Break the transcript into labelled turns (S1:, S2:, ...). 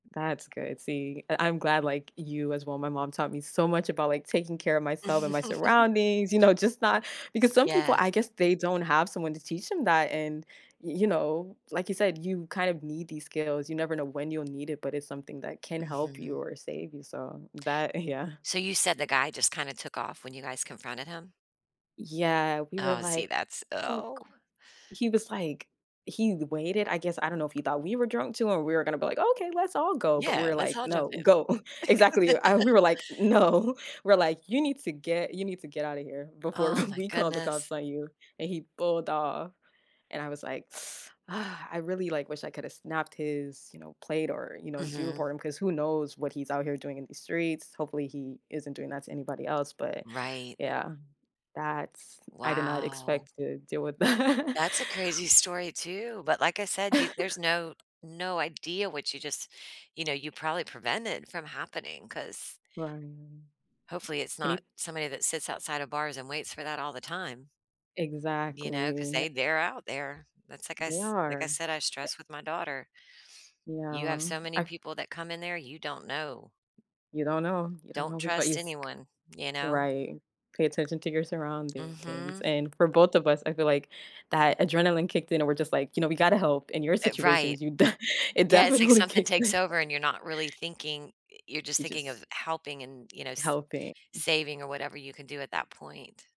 S1: That's good, see, I I'm glad like, you as well, my mom taught me so much about, like, taking care of myself and my surroundings, you know, just not because some people,
S2: Yeah.
S1: I guess they don't have someone to teach them that, and, y you know, like you said, you kind of need these skills, you never know when you'll need it, but it's something that can help you
S2: Mhm.
S1: or save you, so, that, yeah.
S2: So you said the guy just kinda took off when you guys confronted him?
S1: Yeah, we were
S2: Oh, see,
S1: like,
S2: that's
S1: "Go,
S2: Oh.
S1: g" He was, like, he waited, I guess, I don't know if he thought we were drunk too or we were gonna be like, "Okay, let's all go," but
S2: Yeah,
S1: we're
S2: let's
S1: like,
S2: all jump
S1: "No,
S2: in.
S1: go." Exactly, uh, we were like, "No." We’re like, "You need to get you need to get out of here before
S2: Oh, my
S1: we call the
S2: goodness.
S1: cops on you," and he pulled off, and I was, like, "I really, like, wish I could've snapped his, you know, plate or, you know, do report
S2: Mhm.
S1: him, 'cause who knows what he's out here doing in the streets. Hopefully he isn't doing that to anybody else," but
S2: qRight.
S1: yeah, that's I did not
S2: Wow.
S1: expect to deal with that.
S2: That's a crazy story too, but like I said, you there's no no idea what you just you know, you probably prevented from happening, 'cause
S1: Right.
S2: Hopefully, it's
S1: And
S2: not
S1: he
S2: somebody that sits outside of bars and waits for that all the time You know, 'cause
S1: Exactly.
S2: they they're out there. That's like I
S1: They
S2: s like I
S1: are.
S2: said, I stress with my daughter. You have
S1: Yeah,
S2: so many
S1: I
S2: people that come in there, you don't know.
S1: You don't know. You don't
S2: Don't
S1: know who's.
S2: trust
S1: [unintelligible]
S2: anyone, you know.
S1: Right, pay attention to your surroundings,
S2: Mhm.
S1: and for both of us, I feel like that adrenaline kicked in and we're just, like, you know, "We gotta help in your
S2: Uh, right.
S1: situations," you d it
S2: Yeah, it's like
S1: definitely
S2: something
S1: kicked
S2: takes
S1: in.
S2: over and you're not really thinking eh, you're just
S1: You
S2: thinking of
S1: just
S2: helping and, you know, s
S1: Helping.
S2: saving or whatever you can do at that point.